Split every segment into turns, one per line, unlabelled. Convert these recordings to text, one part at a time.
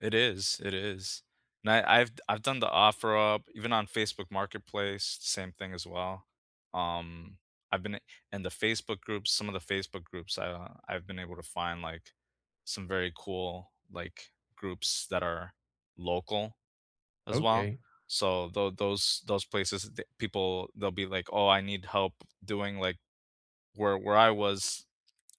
It is. It is. And I I've d I've done the OfferUp, even on Facebook marketplace, same thing as well. Um, I've been i in the Facebook groups, some of the Facebook groups, I, uh, I've been able to find, like, some very cool, like, groups that are local as well.
Okay.
So, tho those those places, th people, they'll be like, "Oh, I need help doing, like" where where I was,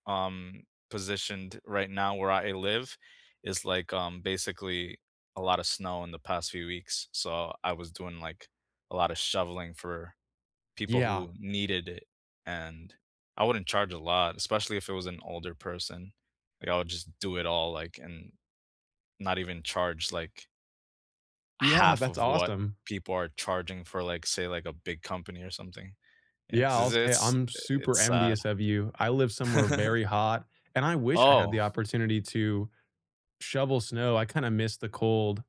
um, positioned right now where I a live is, like, um, basically a lotta snow in the past few weeks, so, I was doing, like, a lotta shoveling for people
Yeah.
who needed it and I wouldn't charge a lot, especially if it was an older person, like, I would just do it all like, and not even charge, like
Yeah,
1/2
that's
of what
awesome.
people are charging for, like, say, like, a big company or something. Yeah,
Yeah, I'll
'cause
say
it's
I'm
i
super
it's sad.
envious of you. I live somewhere very hot, and I wish I had the
Oh.
opportunity to shovel snow, I kinda miss the cold.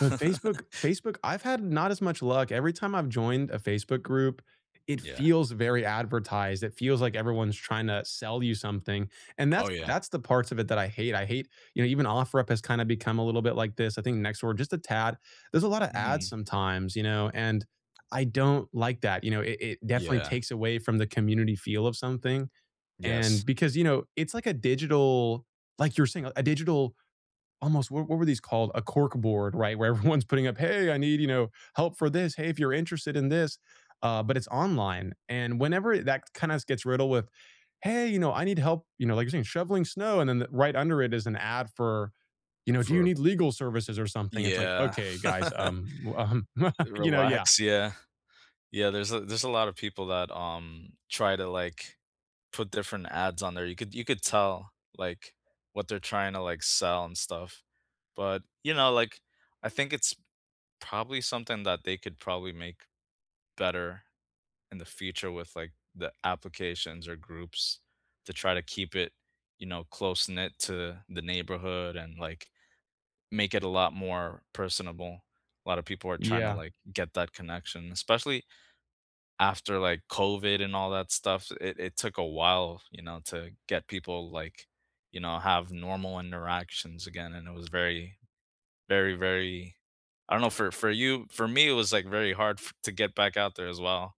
But Facebook Facebook, I've had not as much luck, every time I've joined a Facebook group it
Yeah.
feels very advertised, it feels like everyone's trying to sell you something, and
Oh,
that's
yeah.
that's the parts of it that I hate. I hate you know, even OfferUp has kinda become a little bit like this, I think Nextdoor just a tad. There's a lotta ads
Mhm.
sometimes, you know, and I don't like that. You know, it it definitely
Yeah.
takes away from the community feel of something,
Yes.
and because, you know, it's like a digital, like you were saying, a digital almost what what were these called? A corkboard, right, where everyone's putting up, "Hey, I need, you know, help for this. Hey, if you're interested in this." Uh, but it's online, and whenever that kinda s gets riddled with, "Hey, you know, I need help," you know, like you're saying, "shoveling snow," and then the right under it is an ad for, you know, "Do you
For
need legal services or
y
something?" It's like,
yeah.
"Okay, guys, um, w um" You know, yeah.
Relax, yeah. Yeah, there's a there's a lot of people that, um, try to, like, put different ads on there. You could you could tell, like, what they're trying to, like, sell and stuff. But, you know, like, I think it's probably something that they could probably make better in the future with, like, the applications or groups to try to keep it, you know, close-knit to the neighborhood and, like, make it a lot more personable. A lot of people are tryna,
Yeah.
like, get that connection, especially after, like, COVID and all that stuff, it it took a while, you know, to get people, like, you know, have normal interactions again, and it was very, very, very I don't know for for you for me, it was, like, very hard f to get back out there as well.